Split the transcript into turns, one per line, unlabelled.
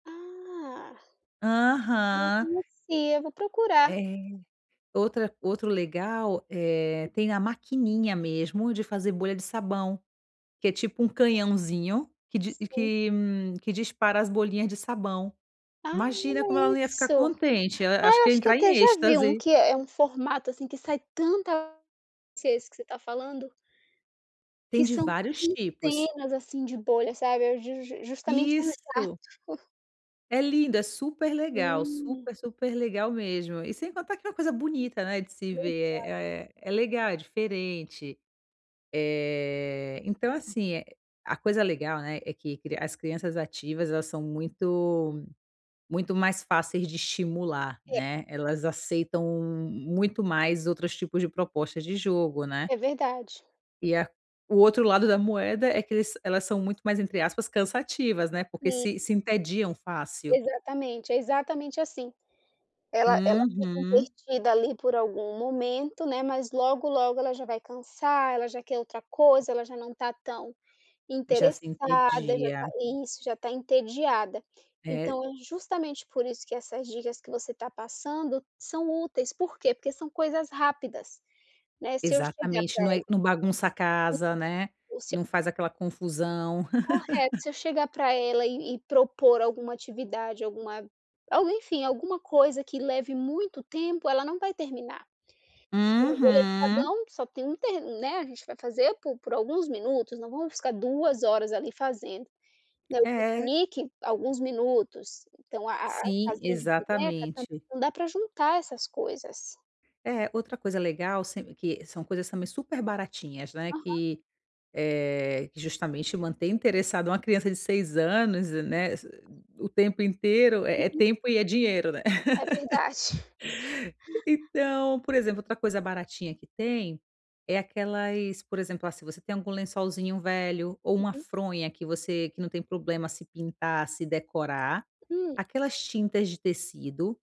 Ah. Não
Aham.
conhecia. Vou procurar.
É. Outra outro legal, eh, tem a maquininha, mesmo, de fazer bolha de sabão que é, tipo, um canhãozinho que di
Sim.
que que dispara as bolhinhas de sabão.
Ah.
Imagina como ela
Olha
não ia ficar
isso.
contente, ela
Ah,
acho
eu
que ia
acho que eu
entrar
até
em
já vi um,
êxtase.
que é é um formato, assim, que sai tanta se é esse que você tá falando. Que
Tem de
são
vários tipos.
centenas, assim, de bolha, sabe. É ju jus justamente um jato.
Isso. É lindo. É super legal,
Sim.
super, super legal, mesmo. E, sem contar, que é uma coisa bonita, né, de se
Verdade.
ver, é é é legal, é diferente. Eh, então, assim, a coisa legal, né, é que as crianças ativas, elas são muito muito mais fáceis de estimular,
É.
né. Elas aceitam muito mais outros tipos de propostas de jogo, né?
É verdade.
E a o outro lado da moeda é, que eles elas são muito mais, entre aspas, cansativas, né, porque
Sim.
se se entediam fácil.
Exatamente. É exatamente assim. Ela ela fica
Uhum.
entretida ali, por algum momento, né, mas logo, logo ela já vai cansar. Ela já quer outra coisa. Ela já não tá tão
Já se
interessada. Já tá
entedia.
isso. Já tá entediada.
É
Então, é justamente, por isso que essas dicas que você tá passando, são úteis. Por quê? Porque são coisas rápidas, né. Se eu chegar
Exatamente.
pra
Não é
ela
não bagunça a
Sim.
casa, né,
O seu
não faz aquela confusão.
Correto. Se eu chegar pra ela e, e propor alguma atividade, alguma, algo, enfim, alguma coisa que leve muito tempo, ela não vai terminar. Então, a bolha de
Uhum.
sabão que só tem um te né, a gente vai fazer po por alguns minutos, não vamos ficar 2 horas ali fazendo, né. O
É.
piquenique, alguns minutos, então, a a
Sim,
casinha de boneca, também,
exatamente.
dá pra juntar essas coisas.
É. Outra coisa legal se que são coisas também super baratinhas, né,
Aham.
que, eh, justamente mantém interessado uma criança de 6 anos, né, o tempo inteiro, é é
Uhum.
tempo e, é dinheiro, né.
É verdade.
Então, por exemplo, outra coisa baratinha que tem, é aquelas por exemplo, ah, se você tem algum lençolzinho velho ou, uma
Uhum.
fronha que você, que não tem problema se pintar, se decorar,
Hum.
aquelas tintas de tecido